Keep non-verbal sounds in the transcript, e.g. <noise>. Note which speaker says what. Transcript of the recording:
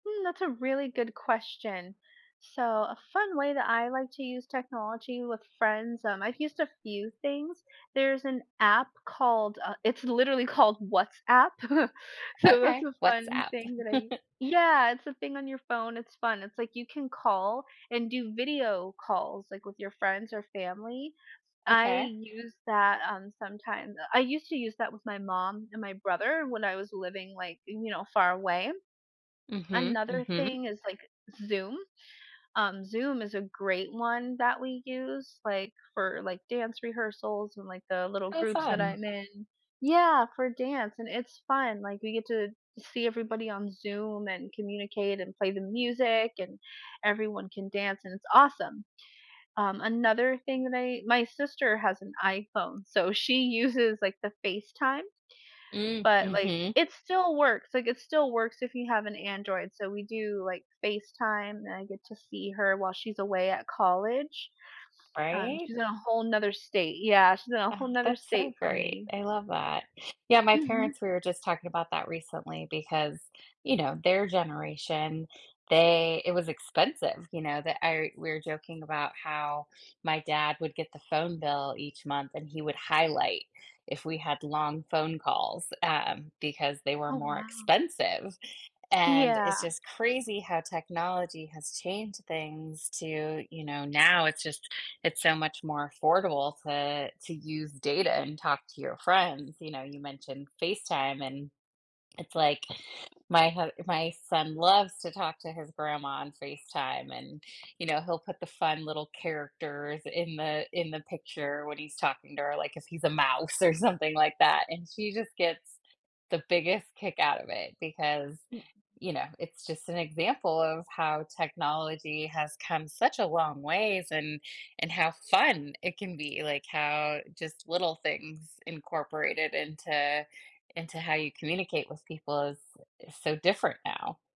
Speaker 1: Hmm, that's a really good question. So a fun way that I like to use technology with friends, um, I've used a few things. There's an app called, uh, it's literally called WhatsApp. <chuckles> So that's
Speaker 2: Okay.
Speaker 1: a fun
Speaker 2: WhatsApp.
Speaker 1: thing that I u
Speaker 2: <laughs>
Speaker 1: Yeah, it's a thing on your phone. It's fun, it's like, you can call and do video calls, like, with your friends or family. I
Speaker 2: Okay.
Speaker 1: use that, um, sometimes. I used to use that with my mom and my brother when I was living like, you know, far away.
Speaker 2: Mhm,
Speaker 1: Another
Speaker 2: mhm.
Speaker 1: thing is like Zoom. Um, Zoom is a great one that we use, like, for, like, dance rehearsals and, like, the little
Speaker 2: Oh
Speaker 1: groups that
Speaker 2: fun.
Speaker 1: I'm in. Yeah, for dance, and it's fun, like, we get to see everybody on Zoom and communicate and play the music, and everyone can dance, and it's awesome. Um, another thing that I my sister has an iPhone so she uses, like, the FaceTime,
Speaker 2: Mm,
Speaker 1: but, like,
Speaker 2: mhm.
Speaker 1: it still works, like, it still works if you have an Android, so we do like FaceTime, and I get to see her while she's away at college. Um,
Speaker 2: Right?
Speaker 1: she's in a whole 'nother state. Yeah, she's in a whole
Speaker 2: Ah,
Speaker 1: 'nother
Speaker 2: that's so
Speaker 1: state from
Speaker 2: great.
Speaker 1: me.
Speaker 2: I love that. Yeah, my
Speaker 1: Mhm.
Speaker 2: parents we were just talking about that recently because, you know, their generation, they it was expensive, you know, that I we were joking about how my dad would get the phone bill each month, and he would highlight if we had long phone calls, um, because they were
Speaker 1: Oh,
Speaker 2: more
Speaker 1: wow.
Speaker 2: expensive, and it's
Speaker 1: Yeah.
Speaker 2: just crazy how technology has changed things to, you know, now it's just it's so much more affordable to to use data and talk to your friends. You know, you mentioned FaceTime, and it's like my hu my son loves to talk to his grandma on FaceTime, and, you know, he'll put the fun little characters in the in the picture when he's talking to her, like, if he's a mouse or something like that, and she just gets the biggest kick out of it because,
Speaker 1: Mm
Speaker 2: you know, it's just an example of how technology has come such a long ways and and how fun it can be, like, how just little things incorporated into into how you communicate with people is is so different now.